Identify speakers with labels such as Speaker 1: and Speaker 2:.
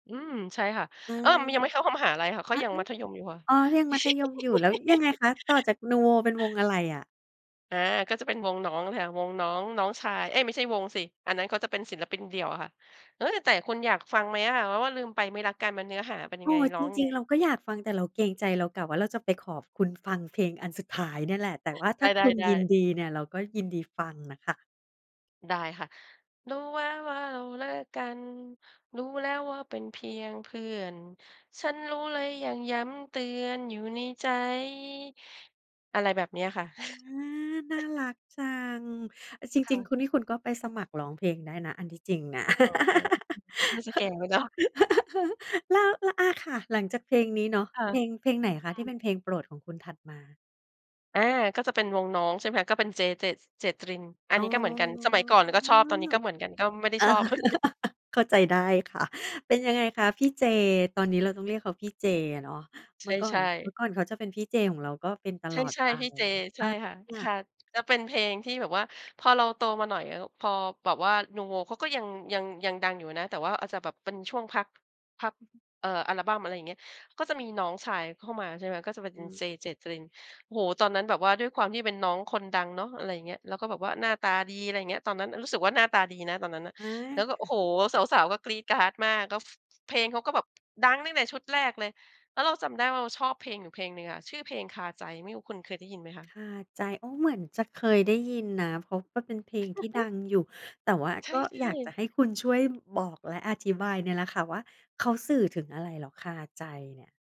Speaker 1: อืม ใช่ค่ะ
Speaker 2: อา
Speaker 1: เอ๊ย ยังไม่เข้า เข้ามหาลัยค่ะ เข
Speaker 2: อ
Speaker 1: า
Speaker 2: ๊ะ
Speaker 1: ยังมัธยมอยู่ค่ะ
Speaker 2: ๆ อ๋อ ยังมัธยมอยู่แล้วยังไงคะ ต่อจากนูโวเป็นวงอะไรอะ?
Speaker 1: อา ก็จะเป็นวงน้องค่ะ วงน้อง น้องชาย เอ๊ย ไม่ใช่วงสิ อันนั้นเขาจะเป็นศิลปินเดี่ยวอะค่ะ เอ๊ย แต่คุณอยากฟังไหมอะ ว่า ว่าลืมไปไม่รักกันมันเนื้อหาเป็นย
Speaker 2: อ
Speaker 1: ั
Speaker 2: ๋
Speaker 1: ง
Speaker 2: อ
Speaker 1: ไง ร้
Speaker 2: จ
Speaker 1: องยั
Speaker 2: ร
Speaker 1: ง
Speaker 2: ิ
Speaker 1: ไ
Speaker 2: ง
Speaker 1: ง?
Speaker 2: ๆ เราก็อยากฟัง แต่เราเกรงใจ เรากะว่าเราจะไปขอบคุณฟังเพลงอันสุดท้ายเนี่ยแหละ แต่ว่าถ
Speaker 1: ได
Speaker 2: ้าคุณย
Speaker 1: ้
Speaker 2: ิน
Speaker 1: ๆ ๆ
Speaker 2: ดีเนี่ยเราก็ยินดีฟังน่ะค่ะ
Speaker 1: ได้ค่ะ รู้ว่า ว่าเราเลิกกัน รู้แล้วว่าเป็นเพียงเพื่อน ฉันรู้และยังย้ำเตือนอยู่ในใจ อะไรแบบนี้ค่ะ
Speaker 2: อา น่ารักจัง อะจ
Speaker 1: ค
Speaker 2: ร
Speaker 1: ่
Speaker 2: ิง
Speaker 1: ะ
Speaker 2: ๆ คุณนี่ คุณก็ไปสมัครร้องเพลงได้นะ อันที่จริงน่ะ
Speaker 1: อ๋อ น่าจะแก่ไปเนาะ
Speaker 2: แล้ว แล้ว อา ค่ะ หลังจากเพลงนี้เนาะ
Speaker 1: ค่
Speaker 2: เพลง
Speaker 1: ะ
Speaker 2: เพลงไหนคะที่เป็นเพลงโปรดของคุณถัดมา?
Speaker 1: อา ก็จะเป็นวงน้อง ใช่ไหมคะ ก็เป็นเจ เจต เจตริน อั
Speaker 2: อ
Speaker 1: น
Speaker 2: ๋อ
Speaker 1: นี้ก็เหมือนกัน สมัยก่อนเราก็ชอบ ตอนนี้ก็เหมือนกัน ก็ไม่ได้ชอบ เหมือนกัน
Speaker 2: เข้าใจได้ค่ะ เป็นยังไงคะพี่เจ ตอนนี้เราต้องเรียกเขาพี่เจอะเนาะ เมื่อก่อ
Speaker 1: ใช
Speaker 2: น
Speaker 1: ่
Speaker 2: เ
Speaker 1: ๆ
Speaker 2: มื่อก่อนเขาจะเป็นพี่เจของเรา ก็เป็นต
Speaker 1: ใ
Speaker 2: ลอด
Speaker 1: ช่
Speaker 2: ไป
Speaker 1: ๆ พี่เจ ใ
Speaker 2: อ
Speaker 1: ช่ค่ะ ค
Speaker 2: า
Speaker 1: ่ะ ก็เป็นเพลงที่แบบว่า พอเราโตมาหน่อย พอแบบว่านูโว เขาก็ยัง ยัง ยังดังอยู่นะ แต่ว่าอาจจะแบบเป็นช่วงพัก พัก เอ่อ อัลบั้ม อะไรอย่างเงี้ย ก็จะมีน้องชายเข้ามา ใช่ไหม ก็เป็น
Speaker 2: อื
Speaker 1: เ
Speaker 2: ม
Speaker 1: จ เจตริน โอ้โฮ ตอนนั้นแบบว่าด้วยความที่เป็นน้องคนดังเนาะ อะไรอย่างเงี้ย แล้วก็แบบว่าหน้าตาดี อะไรอย่างเงี้ย ตอนนั้นรู้สึกว่า หน้าตาดีนะตอนนั้นน่ะ
Speaker 2: อา
Speaker 1: แล้วก็
Speaker 2: ค
Speaker 1: โอ
Speaker 2: ่
Speaker 1: ้
Speaker 2: ะ
Speaker 1: โฮ สาว ๆ ก็กรี๊ดกร๊าดมาก ก็ ฟ เพลงเขาก็แบบดังตั้งแต่ชุดแรกเลย แล้วเราจำได้ว่า เราชอบเพลงอยู่เพลงหนึ่งอะ ชื่อเพลงคาใจ ไม่รู้คุณเคยได้ยินไหมค
Speaker 2: ค
Speaker 1: ะ?
Speaker 2: าใจ อ้อ เหมือนจะเคยได้ยินนะ เพราะมันเป็นเพลงที่ดังอยู่ แต่ว่า
Speaker 1: ใช
Speaker 2: ก
Speaker 1: ่
Speaker 2: ็อยากจะ
Speaker 1: ๆ
Speaker 2: ให้คุณช่วยบอก และอธิบายเนี่ยแหละค่ะว่า เขาสื่อถึงอะไรเหรอคาใจเนี่ย?